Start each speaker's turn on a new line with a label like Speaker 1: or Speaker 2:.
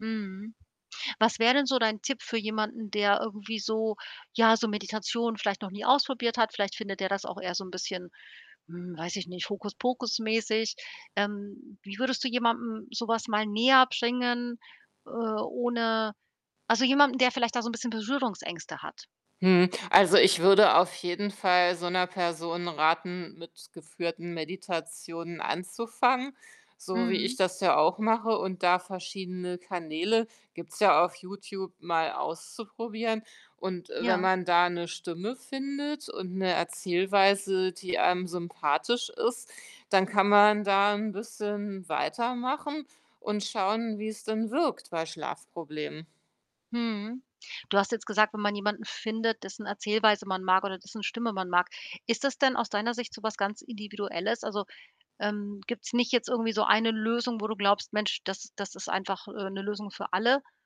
Speaker 1: Mhm, was wäre denn so dein Tipp für jemanden, der irgendwie so ja, so Meditation vielleicht noch nie ausprobiert hat? Vielleicht findet der das auch eher so 'n bisschen, hm, weiß ich nicht, Hokuspokus mäßig. Ähm, wie würdest du jemandem so was mal näherbringen, äh, ohne also jemandem, der vielleicht da so 'n bisschen Berührungsängste hat?
Speaker 2: Mmh, also, ich würde auf jeden Fall so 'ner Person raten, mit geführten Meditationen anzufangen, so wie ich
Speaker 1: Mhm.
Speaker 2: das ja auch mache. Und da verschiedene Kanäle- gibt's ja auf Youtube- mal auszuprobieren. Und, äh, wenn
Speaker 1: Ja.
Speaker 2: man da 'ne Stimme findet und 'ne Erzählweise, die einem sympathisch ist, dann kann man da 'n bisschen weitermachen und schauen, wie es denn wirkt bei Schlafproblemen.
Speaker 1: Mhm, du hast jetzt gesagt, wenn man jemanden findet, dessen Erzählweise man mag oder dessen Stimme man mag, ist das denn aus deiner Sicht so was ganz Individuelles? Also, ähm, gibt's nicht jetzt irgendwie so eine Lösung, wo du glaubst: “Mensch, das das ist einfach, äh, 'ne Lösung für alle“?